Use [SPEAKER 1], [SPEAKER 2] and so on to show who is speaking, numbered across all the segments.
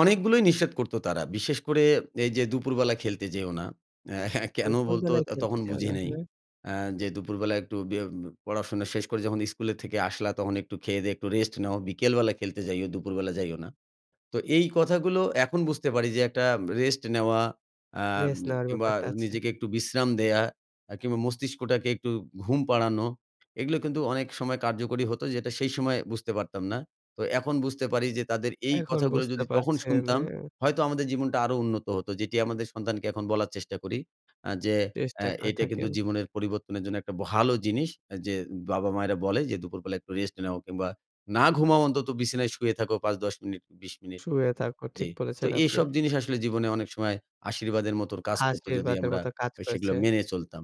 [SPEAKER 1] অনেকগুলোই নিষেধ করত তারা। বিশেষ করে এই যে দুপুরবেলা খেলতে যেও না। কেনো বলতো
[SPEAKER 2] দুপুরবেলায় খেলতে
[SPEAKER 1] তখন
[SPEAKER 2] যাও
[SPEAKER 1] বুঝি
[SPEAKER 2] না,
[SPEAKER 1] নাই।
[SPEAKER 2] হ্যাঁ।
[SPEAKER 1] আ যে, "দুপুরবেলা একটু বে পড়াশোনা শেষ করে যখন স্কুলে থেকে আসলা তখন একটু খেয়ে-দেয়ে একটু রেস্ট নাও। বিকেলবেলা খেলতে যাইও, দুপুরবেলা যাইও না।" তো এই কথাগুলো এখন বুঝতে পারি যে একটা রেস্ট নেওয়া আ
[SPEAKER 2] রেস্ট নেওয়ার
[SPEAKER 1] কিংবা
[SPEAKER 2] ব্যাপারটা আছে।
[SPEAKER 1] নিজেকে একটু বিশ্রাম দেয়া, আ কিংবা মস্তিষ্কটাকে একটু ঘুম পাড়ানো এগুলো কিন্তু অনেক সময় কার্যকরী হতো যেটা সেই সময় বুঝতে পারতাম না। তো এখন বুঝতে পারি যে তাদের এই
[SPEAKER 2] এখন
[SPEAKER 1] কথাগুলো
[SPEAKER 2] বুঝতে
[SPEAKER 1] যদি তখন
[SPEAKER 2] পারছেন,
[SPEAKER 1] শুনতাম,
[SPEAKER 2] হ্যাঁ।
[SPEAKER 1] হয়তো আমাদের জীবনটা আরো উন্নত হত। যেটি আমাদের সন্তানকে এখন বলার চেষ্টা করি। আ যে আ
[SPEAKER 2] চেষ্টা করে
[SPEAKER 1] এটা কিন্তু
[SPEAKER 2] থাকেন।
[SPEAKER 1] জীবনের পরিবর্তনের জন্য একটা ভালো জিনিস যে বাবা-মায়েরা বলে যে দুপুরবেলা একটু রেস্ট নাও, কিংবা না ঘুমাও অন্তত বিছানায় শুয়ে থাকো ৫-১০ মিনিট ২০ মিনিট
[SPEAKER 2] শুয়ে থাকো,
[SPEAKER 1] জি।
[SPEAKER 2] ঠিক
[SPEAKER 1] তো
[SPEAKER 2] বলেছেন আপনি।
[SPEAKER 1] এসব জিনিস আসলে জীবনে অনেক সময় আশীর্বাদের মতো কাজ করত যদি
[SPEAKER 2] আশীর্বাদের
[SPEAKER 1] আমরা
[SPEAKER 2] মতো কাজ
[SPEAKER 1] আ সেগুলা
[SPEAKER 2] করেছে।
[SPEAKER 1] মেনে চলতাম।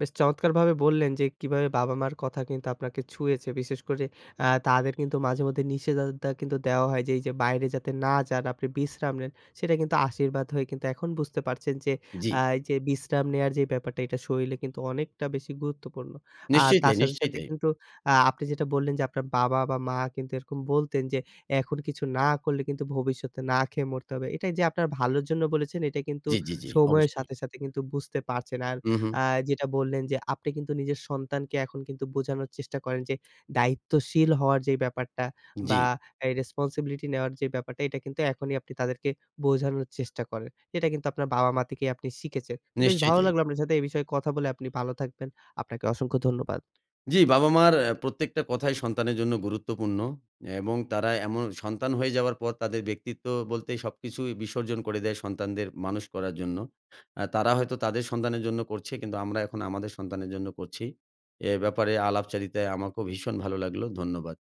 [SPEAKER 2] বেশ চমৎকারভাবে বললেন যে কীভাবে বাবা-মার কথা কিন্তু আপনাকে ছুঁয়েছে, বিশেষ করে আ তাদের কিন্তু মাঝেমধ্যে নিষেধাজ্ঞা কিন্তু দেওয়া হয় যে এই যে বাইরে যাতে না যান আপনি বিশ্রাম নেন। সেটা কিন্তু আশীর্বাদ হয়ে কিন্তু এখন বুঝতে পারছেন
[SPEAKER 1] জি।
[SPEAKER 2] আ এই যে বিশ্রাম নেওয়ার যে ব্যাপারটা এটা শরীরে কিন্তু অনেকটা বেশি গুরুত্বপূর্ণ। আর
[SPEAKER 1] নিশ্চয়ই
[SPEAKER 2] তার
[SPEAKER 1] তাই,
[SPEAKER 2] সাথে,
[SPEAKER 1] নিশ্চয়ই
[SPEAKER 2] সাথে
[SPEAKER 1] তাই।
[SPEAKER 2] কিন্তু আ আপনি যেটা বললেন যে আপনার বাবা বা মা কিন্তু এরকম বলতেন যে, এখন কিছু না করলে কিন্তু ভবিষ্যৎ না খেয়ে মরতে হবে। এটা এই যে আপনার ভালোর জন্য বলেছেন এটা কিন্তু
[SPEAKER 1] জি, জি, জি
[SPEAKER 2] সময়ের
[SPEAKER 1] অবশ্যই।
[SPEAKER 2] সাথে, সাথে কিন্তু বুঝতে পারছেন। আর
[SPEAKER 1] হু, হু।
[SPEAKER 2] আ যেটা বললেন, যে আপনি কিন্তু নিজের সন্তানকে এখন কিন্তু বোঝানোর চেষ্টা করেন যে দায়িত্বশীল হওয়ার যে ব্যাপারটা, বা
[SPEAKER 1] জি।
[SPEAKER 2] এই রেসপনসিবিলিটি নেওয়ার যে ব্যাপারটা এটা কিন্তু এখনই আপনি তাদেরকে বোঝানোর চেষ্টা করেন। এটা কিন্তু আপনার বাবা-মা থেকে আপনি শিখেছেন। তো বেশ
[SPEAKER 1] নিশ্চয়ই
[SPEAKER 2] ভালো
[SPEAKER 1] তাই।
[SPEAKER 2] লাগলো আপনার সাথে এই বিষয়ে কথা বলে আপনি ভালো থাকবেন। আপনাকে অসংখ্য ধন্যবাদ।
[SPEAKER 1] জি বাবা-মার আ প্রত্যেকটা কথাই সন্তানের জন্য গুরুত্বপূর্ণ। এবং তারা এম সন্তান হয়ে যাওয়ার পর তাদের ব্যক্তিত্ব বলতে সবকিছুই বিসর্জন করে দেয় সন্তানদের মানুষ করার জন্য। আ তারা হয়তো তাদের সন্তানের জন্য করছে কিন্তু আমরা এখন আমাদের সন্তানের জন্য করছি। এ ব্যাপারে আলাপচারিতায় আমাকেও ভীষণ ভালো লাগলো। ধন্যবাদ।